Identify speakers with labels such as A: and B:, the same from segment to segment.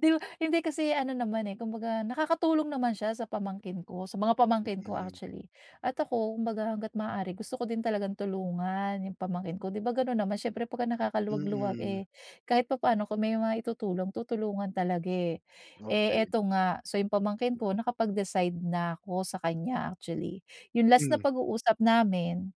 A: Di ba hindi kasi ano naman eh, kung baga nakakatulong naman siya sa pamangkin ko, sa mga pamangkin ko
B: Mm.
A: actually. At ako, kung baga hangga't maaari gusto ko din talagang tulungan yung pamangkin ko. Di ba gano'n naman, siyempre 'pag nakakaluwag-luwag
B: Mm.
A: eh kahit papaano kung may mai-tutulong, tutulungan talaga eh. Eh
B: Okey.
A: ito nga, so yung pamangkin ko nakapag-decide na 'ko sa kanya actually. Yung last na
B: Mm.
A: pag-uusap namin,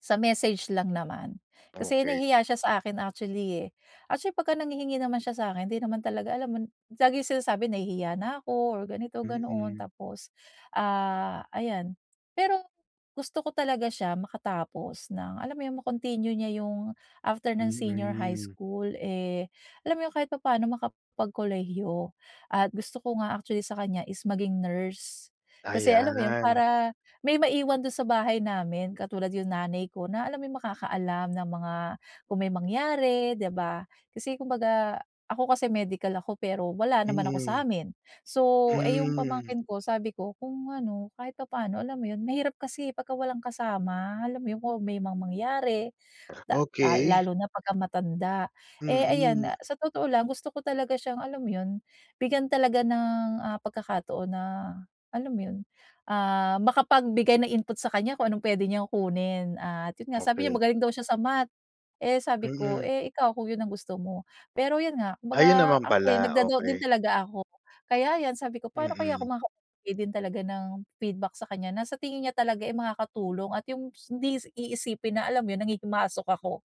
A: sa message lang naman. Kasi
B: Okey.
A: nahihiya siya sa akin actually eh. Actually, pagka nanghihingi naman siya sa'kin hindi naman talaga alam mo, laging sinasabi, "Nahihiya na ako." Or ganito, ganoon.
B: Mm.
A: Tapos ah ayan. Pero gusto ko talaga siya makatapos ng alam mo yung ma-continue niya yung after ng senior high
B: Mm.
A: school eh, alam mo yun, kahit papaano makapagkolehiyo. At gusto ko nga actually sa kanya is maging nurse. Kasi alam mo yun,
B: Ayan.
A: para may maiwan do'n sa bahay namin, katulad yung nanay ko na alam mo yung makakaalam ng mga kung may mangyari, di ba. Kasi kumbaga, ako kasi medical ako pero wala naman ako
B: Mm.
A: sa'min. So, eh yung
B: Hmm.
A: pamangkin ko sabi ko kung ano kahit papaano alam mo yun, mahirap kasi eh 'pagka walang kasama, alam mo yun? Kung may mga mangyari da ah
B: Okey.
A: lalo na pagka matanda. Eh, ayan,
B: Mm.
A: ah sa totoo lang, gusto ko talaga siyang alam mo yun, bigyan talaga ng ah pagkakataon na alam mo yun, ah makapagbigay ng input sa kanya kung anong pwede niyang kunin. At yun nga, sabi niya
B: Okey.
A: magaling daw siya sa Math. Eh sabi ko,
B: Mm.
A: "Eh ikaw, kung yun ang gusto mo." Pero yun nga, kung
B: Ayun
A: baga
B: naman
A: ako'y
B: pala,
A: nag-da-doubt din
B: okey.
A: talaga ako. Kaya yan sabi ko, paano kaya ako
B: Mm.
A: makaka din talaga ng feedback sa kanya na tingin niya talaga eh makakatulong at yung hindi iisipin na alam mo yun, nanghihimasok ako.